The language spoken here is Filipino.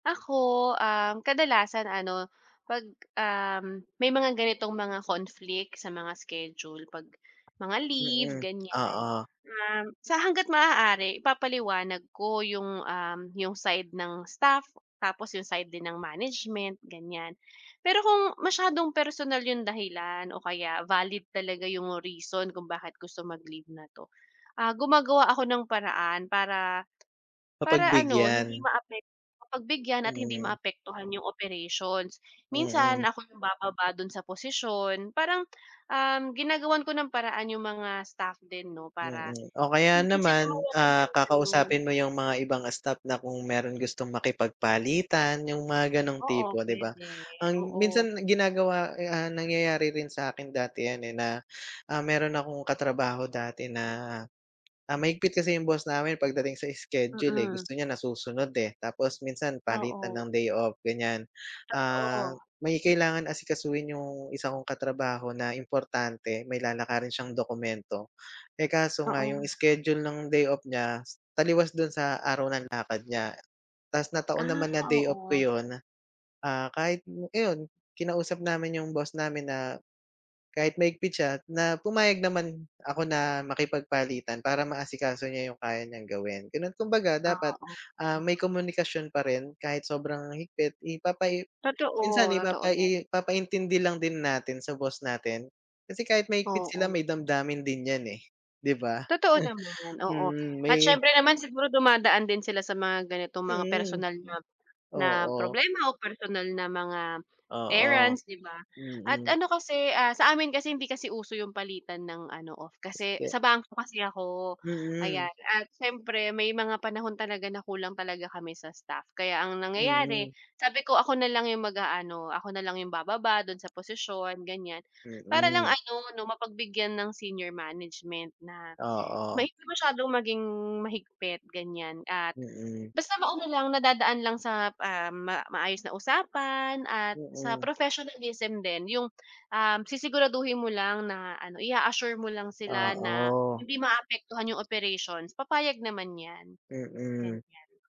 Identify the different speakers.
Speaker 1: Ako, um, kadalasan ano pag, um, may mga ganitong mga conflict sa mga schedule pag mga leave,
Speaker 2: Mm,
Speaker 1: ganiyan.
Speaker 2: oo.
Speaker 1: Um, sa hangga't maaari ipapaliwanag ko yung, um, yung side ng staff, tapos yung side din ng management ganiyan, pero kung masyadong personal yung dahilan o kaya valid talaga yung reason kung bakit gusto mag-leave na 'to, ah, gumagawa ako ng paraan para, para ano hindi
Speaker 2: Mapagbigyan.
Speaker 1: maapek mapagbigyan at hindi
Speaker 2: Mhm.
Speaker 1: maapektuhan yung operations, minsan
Speaker 2: Mm.
Speaker 1: ako yung bababa do'n sa posisyon parang, um, ginagawan ko ng paraan yung mga staff din 'no, para
Speaker 2: Mm, o kaya
Speaker 1: hindi sila
Speaker 2: naman,
Speaker 1: mawalan
Speaker 2: ah,
Speaker 1: ng ano.
Speaker 2: kakausapin mo yung mga ibang, ah, staff na kung mayro'n gustong makipagpalitan yung mga ganong
Speaker 1: Oo,
Speaker 2: tipo di ba,
Speaker 1: puwede
Speaker 2: ang
Speaker 1: oo.
Speaker 2: minsan ginagawa, eh, ah, nangyayari rin sa'kin dati yan, eh, na, ah, mayro'n akong katrabaho dati na ah, mahigpit kasi yung boss namin pagdating sa schedule, eh,
Speaker 1: Mm.
Speaker 2: gusto niya nasusunod, eh, tapos minsan palitan
Speaker 1: Oo.
Speaker 2: ng day off ganiyan. Ah,
Speaker 1: Totoo.
Speaker 2: may kailangan asikasuhin yung 1 kong katrabaho na importante may lalakarin siyang dokumento, eh, kaso nga yung
Speaker 1: Oo.
Speaker 2: schedule ng day off niya taliwas do'n sa araw ng lakad niya tapos na-taon
Speaker 1: Ah,
Speaker 2: naman na day off ko
Speaker 1: oo.
Speaker 2: 'yon, ah, kahit iyon kinausap namin yung boss namin na, kahit mahigpit siya na pumayag naman ako na makipagpalitan para maasikaso niya yung kaya niyang gawin, gano'n kumbaga
Speaker 1: Ah,
Speaker 2: dapat,
Speaker 1: oo.
Speaker 2: ah, may komunikasyon pa rin kahit sobrang higpit ipapai minsan
Speaker 1: Totoo. Totoo, yan.
Speaker 2: ipapai ipapaintindi lang din natin sa boss natin kasi kahit mahigpit sila
Speaker 1: Oo.
Speaker 2: may damdamin din yan, eh, di ba?
Speaker 1: Totoo naman oo,
Speaker 2: Mm,
Speaker 1: at
Speaker 2: may
Speaker 1: siyempre naman siguro dumadaan din sila sa mga ganitong mga
Speaker 2: Mm,
Speaker 1: personal na na
Speaker 2: oo.
Speaker 1: problema o personal na mga
Speaker 2: Oo,
Speaker 1: errands di ba, at
Speaker 2: mm.
Speaker 1: ano kasi, ah, sa amin kasi hindi kasi uso yung palitan ng ano off kasi
Speaker 2: [unintelligible]
Speaker 1: sa bangko kasi ako,
Speaker 2: Mm.
Speaker 1: ayan at siyempre may mga panahon talaga na kulang talaga kami sa staff, kaya ang nangyayari
Speaker 2: Mm.
Speaker 1: sabi ko ako nalang yung mag-aano, ako nalang yung bababa do'n sa posisyon ganiyan para lang
Speaker 2: Mm.
Speaker 1: ano 'no, mapagbigyan ng senior management na
Speaker 2: Oo.
Speaker 1: may masyadong maging mahigpit ganiyan at
Speaker 2: Mm.
Speaker 1: basta ma-ano lang nadadaan lang sa, um, ma maayos na usapan at sa
Speaker 2: Mm.
Speaker 1: professionalism din yung, um, sisiguraduhin mo lang na ano, i-a-assure mo lang sila na
Speaker 2: Oo.
Speaker 1: hindi maapektuhan 'yong operations papayag naman 'yan,
Speaker 2: Mm.
Speaker 1: ganiyan.